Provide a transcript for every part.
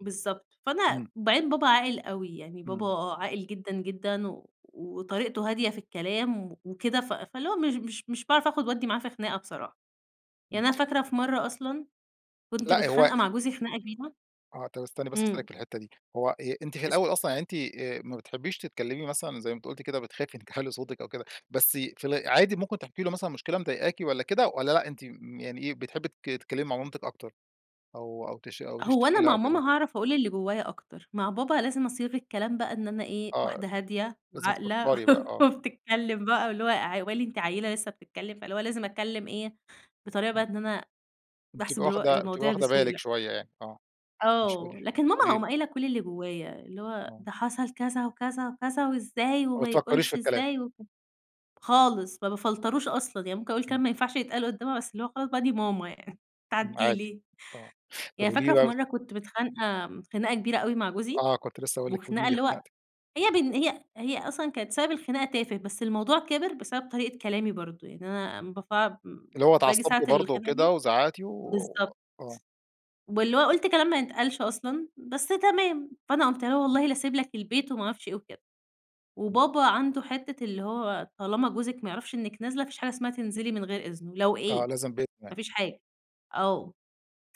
بالضبط، فأنا إمم. وبعدين بابا عاقل أوي، يعني إمم. بابا عاقل جدًا جدًا، وطريقته هادية في الكلام و وكده ف فاللي هو مش مش مش باعرف آخد وأدّي معاه في خناقة بصراحة. إمم. يعني أنا فاكرة في مرّة أصلًا كنت لأ هو متخانقة مع جوزي خناقة كبيرة آه، طيب استني بس هاسألِك إمم. في الحتة دي هو آآ أنتِ في اسأل. الأول أصلًا يعني أنتِ آآ ما بتحبيش تتكلمي مثلًا زي ما أنتِ قُلتِ كده بتخافي إنك تعلّي صوتِك أو كده، بس في الغ عادي ممكن تحكي له مثلًا مشكلة مضايقاكِ والَّا كده والَّا لأ أنتِ امم يعني إيه بتحبي تتك تتكلمي مع مامتِك أكتر؟ أو أو تش أو هو تشتكي أنا لها مع أو ماما كده؟ هاعرف أقول اللي جوايا أكتر، مع بابا لازم أصيغ الكلام بقى إن أنا إيه آه. واحدة هادية، لازم وعاقلة، تفكري بقى، آه. وبتتكلم بقى واللي هو [unintelligible] أنتِ عيلة لسه بتتكلم، فاللي هو لازم أتكلم إيه بطريقة بقى إمم. إن أنا باحسب بتبقي اللي هو واخده بتبقي المواضيع واخده بالِك بسهولة. شوية يعني آه، مش قولي آه، لكن ماما قولي هاقوم لي. قايلة كل اللي جوايا. اللي هو آه. ده حصل كذا، وكذا، وكذا، وإزاي ما وما بتفكريش في يقولش الكلام. إزاي، وك خالص ما بافلتروش أصلًا يعني ممكن أقول إمم. كلام ما ينفعش يتقال قدامها بس اللي هو خلاص بقى دي ماما يعني هتعدي عادي، لي. آه. طب يعني قولي لي فاكرة في بقى بت مرّة كنت متخانقة خناقة كبيرة أوي مع جوزي، آه كنت لسه هاقول لِك قولي وخناقة لي اللي هو خناقتِك. هي بن هي هي أصلًا كانت سبب الخناقة تافه، بس الموضوع كبر بسبب طريقة كلامي برضو، يعني أنا أما بف اللي هو باجي ساعة اتعصبتوا برضه الخناقة وكده، دي وزعقتِ، و بالضبط. آه. واللي هو قُلت كلام ما يتقالش أصلًا، بس تمام. فأنا قمت قايلة له والله لاسيب لك البيت، وما اعرفش إيه وكده. إمم. وبابا عنده حتّة اللي هو طالما جوزِِك ما يعرفش إنِك نازلة ما فيش حاجة اسمها تنزلي من غير إذنه، لو آه، إيه لازم بإذنه يعني. ما فيش حاجة. آه،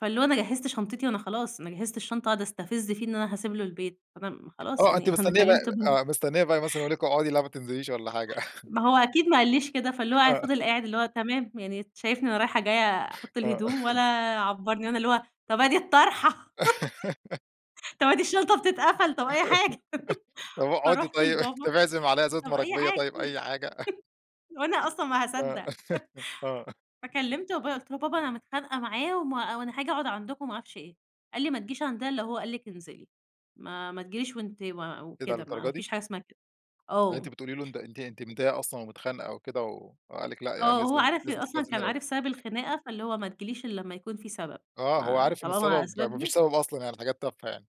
فاللي هو أنا جهزت شنطتي، وأنا خلاص أنا جهزت الشنطة وقاعدة استفز فيه إن أنا هاسيب له البيت، فأنا م خلاص آه، أنتِ يعني أنا مستنية بقى كلمت [unintelligible] آه، مستنية بقى مثلًا يقول لِك اقعدي، لأ، ما تنزليش والَّا حاجة. ما هو أكيد ما قاليش كده، فاللي هو آه. فضل قاعد اللي هو تمام، يعني شايفني أنا رايحة جاية أحط آه. الهدوم ولا عبّرني، أنا اللي هو طب أدي الطرحة طب أدي الشنطة بتتقفل، طب أي حاجة طب اقعدي فرُحت طيب، طب لبابا اعزم عليّا عزومة طب أي مراكبية حاجة طيب أي حاجة. وأنا أصلًا ما آه، هاصدق آه. فكلمت بابايا قُلت له: "بابا أنا متخانقة معاه، وما وأنا هاجي أقعد عندكم،" وما أعرفش إيه. قال لي ما [unintelligible] تجيش عندنا إلا لو هو قال لِك انزلي ما ما تيجيليش وأنتِ ما إيه ده؟ وكده للدرجة ما دي؟ فيش حاجة اسمها كده يعني أنتِ آه. بتقولي له أنتِ أنتِ أنتِ متضايقة أصلًا ومتخانقة وكده، وقال لِك لأ يعني آه، هو لازم عارف لازم أصلًا تستأذني كان الأول. عارف سبب الخناقة، فاللي هو ما تيجيليش إلا أما يكون في سبب، آه، هو ما عارف إن طالما السبب ما الاسباب ما فيش دي سبب أصلًا يعني، حاجات تافهة يعني.